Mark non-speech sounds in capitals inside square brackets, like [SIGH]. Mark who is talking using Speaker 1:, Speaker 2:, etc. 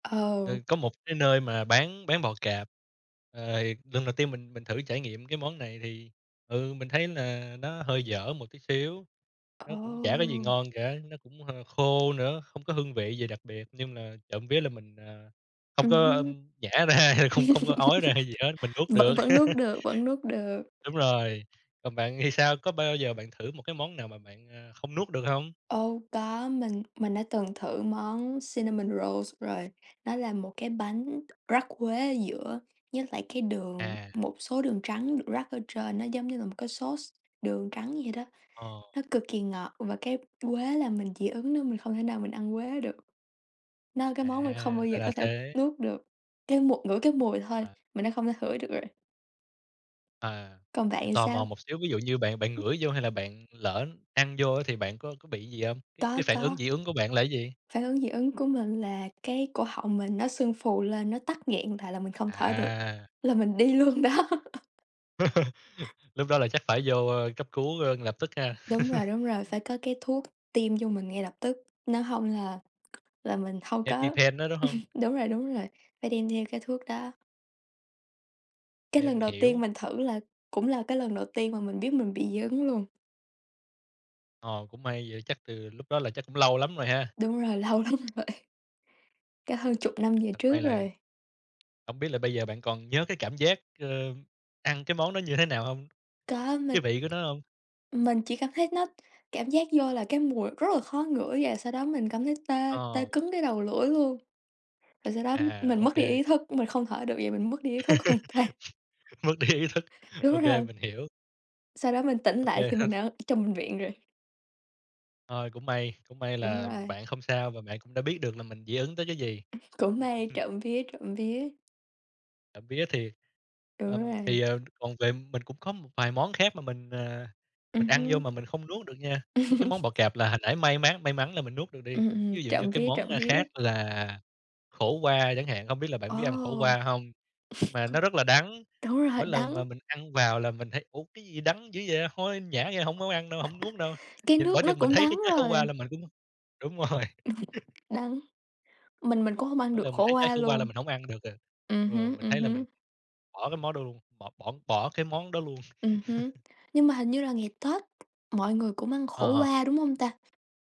Speaker 1: Ờ.
Speaker 2: Ừ, có một cái nơi mà bán bán bò cạp. Ờ, lần đầu tiên mình mình thử trải nghiệm cái món này thì, ừ, mình thấy là nó hơi dở một tí xíu. Nó cũng chả có gì
Speaker 1: Ồ.
Speaker 2: ngon cả, nó cũng hơ khô nữa, không có hương vị gì đặc biệt nhưng là trộm vía là mình, à, không
Speaker 1: Ừm
Speaker 2: có,
Speaker 1: hứm.
Speaker 2: ưm, nhả ra, không không có ói ra
Speaker 1: [LAUGHS]
Speaker 2: gì hết, mình nuốt
Speaker 1: Vẫn
Speaker 2: được.
Speaker 1: vẫn nuốt
Speaker 2: [LAUGHS]
Speaker 1: được, vẫn nuốt được.
Speaker 2: Đúng rồi. Còn bạn thì sao? Có bao giờ bạn thử một cái món nào mà bạn, a, không nuốt được hông?
Speaker 1: Ô, có, mình mình đã từng thử món cinnamon rolls rồi. Nó là một cái bánh rắc quế ở giữa với lại cái đường,
Speaker 2: À.
Speaker 1: một số đường trắng được rắc ở trên, nó giống như là một cái sauce đường trắng vậy đó.
Speaker 2: Ờ.
Speaker 1: Nó cực kỳ ngọt và cái quế là mình dị ứng nó, mình không thể nào mình ăn quế được. Nó cái
Speaker 2: À.
Speaker 1: món mình không bao
Speaker 2: Ra
Speaker 1: giờ
Speaker 2: là
Speaker 1: có thể
Speaker 2: thế.
Speaker 1: nuốt được, cái mùi ngửi cái mùi thôi
Speaker 2: À.
Speaker 1: mình đã không thể hửi được rồi.
Speaker 2: À.
Speaker 1: Còn bạn
Speaker 2: Vậy
Speaker 1: thì
Speaker 2: tò
Speaker 1: sao?
Speaker 2: mò một xíu, ví dụ như bạn bạn ngửi vô hay là bạn lỡ ăn vô á thì bạn có có bị gì hông? Cái
Speaker 1: Có,
Speaker 2: cái phản ứng
Speaker 1: có.
Speaker 2: dị ứng của bạn là cái gì?
Speaker 1: Phản ứng dị ứng của mình là cái cổ họng mình nó sưng phù lên, nó tắc nghẹn lại là mình không thở được,
Speaker 2: À.
Speaker 1: là mình đi luôn đó.
Speaker 2: [LAUGHS] Lúc đó là chắc phải vô, ơ, cấp cứu, ơ, lập tức ha.
Speaker 1: Đúng rồi,
Speaker 2: [CHUCKLES]
Speaker 1: đúng rồi, phải có cái thuốc tiêm vô mình ngay lập tức, nếu hông là là mình hông có
Speaker 2: EpiPen đó, đúng hông?
Speaker 1: [CHUCKLES] đúng rồi, đúng rồi, phải đem theo cái thuốc đó. Cái
Speaker 2: Ê,
Speaker 1: lần
Speaker 2: mình
Speaker 1: đầu tiên
Speaker 2: hiểu.
Speaker 1: mình thử là cũng là cái lần đầu tiên mà mình biết mình bị dị ứng luôn.
Speaker 2: Ờ, cũng may vậy chắc từ lúc đó là chắc cũng lâu lắm rồi ha.
Speaker 1: Đúng rồi, lâu lắm rồi. Cả hơn chục năm về trước
Speaker 2: [UNINTELLIGIBLE]
Speaker 1: rồi.
Speaker 2: Hổng biết là bây giờ bạn còn nhớ cái cảm giác, ơm, ăn cái món đó như thế nào hông?
Speaker 1: Có mình
Speaker 2: Cái vị của nó hông?
Speaker 1: mình chỉ cảm thấy nó cảm giác vô là cái mùi rất là khó ngửi và sau đó mình cảm thấy tê, tê
Speaker 2: Ờ.
Speaker 1: cứng cái đầu lưỡi luôn, rồi sau đó
Speaker 2: À.
Speaker 1: mình
Speaker 2: Ô
Speaker 1: mất đi
Speaker 2: kê.
Speaker 1: ý thức, mình không thở được và mình mất đi ý thức hoàn toàn.
Speaker 2: [LAUGHS] Mất đi ý thức. Ô
Speaker 1: Đúng
Speaker 2: kê,
Speaker 1: rồi.
Speaker 2: mình hiểu.
Speaker 1: Sau đó mình tỉnh
Speaker 2: Ô
Speaker 1: lại
Speaker 2: kê
Speaker 1: thì
Speaker 2: ha.
Speaker 1: mình ở trong bệnh viện rồi.
Speaker 2: Thôi, cũng may, cũng may
Speaker 1: Đúng
Speaker 2: là
Speaker 1: rồi.
Speaker 2: bạn không sao và bạn cũng đã biết được là mình dị ứng tới cái gì.
Speaker 1: Cũng may,
Speaker 2: [CHUCKLES]
Speaker 1: trộm vía, trộm vía.
Speaker 2: Trộm vía thì
Speaker 1: Đúng
Speaker 2: ờm,
Speaker 1: rồi.
Speaker 2: thì, ờ, còn về mình cũng có một vài món khác mà mình, à,
Speaker 1: Ừm
Speaker 2: mình ăn vô
Speaker 1: hưm.
Speaker 2: mà mình không nuốt được nha, cái món
Speaker 1: [CHUCKLES]
Speaker 2: bò cạp là hồi nãy may mắn may mắn là mình nuốt được đi.
Speaker 1: Ừm, ừm,
Speaker 2: Ví dụ như
Speaker 1: trộm
Speaker 2: cái
Speaker 1: vía,
Speaker 2: món,
Speaker 1: trộm
Speaker 2: a,
Speaker 1: vía.
Speaker 2: khác là khổ qua chẳng hạn, hông biết là bạn biết ăn khổ
Speaker 1: Ồ.
Speaker 2: qua hông? Mà nó
Speaker 1: [CHUCKLES]
Speaker 2: rất là đắng,
Speaker 1: Đúng rồi,
Speaker 2: mỗi
Speaker 1: đắng.
Speaker 2: lần mà mình ăn vào là mình thấy "Ủa, cái gì đắng dữ vậy." hôi nhả ra hổng muốn ăn đâu, hổng nuốt đâu,
Speaker 1: Cái
Speaker 2: nhìn
Speaker 1: nước
Speaker 2: bởi
Speaker 1: nó
Speaker 2: chừng mình
Speaker 1: cũng
Speaker 2: thấy cái
Speaker 1: đắng
Speaker 2: trái khổ
Speaker 1: rồi.
Speaker 2: qua là mình cũng đúng rồi. [CHUCKLES]
Speaker 1: [CHUCKLES] Đắng. Mình mình cũng hông ăn
Speaker 2: Mỗi
Speaker 1: được
Speaker 2: lần mình
Speaker 1: khổ
Speaker 2: thấy trái
Speaker 1: qua
Speaker 2: khổ qua là
Speaker 1: luôn.
Speaker 2: mình hổng ăn được rồi.
Speaker 1: Ừm
Speaker 2: Ừ,
Speaker 1: hứm,
Speaker 2: mình
Speaker 1: ừm
Speaker 2: thấy là mình
Speaker 1: hứm.
Speaker 2: bỏ cái mó đuông bỏ bỏ bỏ cái món đó luôn.
Speaker 1: Ừm hứm.
Speaker 2: [CHUCKLES]
Speaker 1: Nhưng mà hình như là ngày Tết mọi người cũng ăn
Speaker 2: Ờ,
Speaker 1: khổ
Speaker 2: ờ.
Speaker 1: qua, đúng hông ta?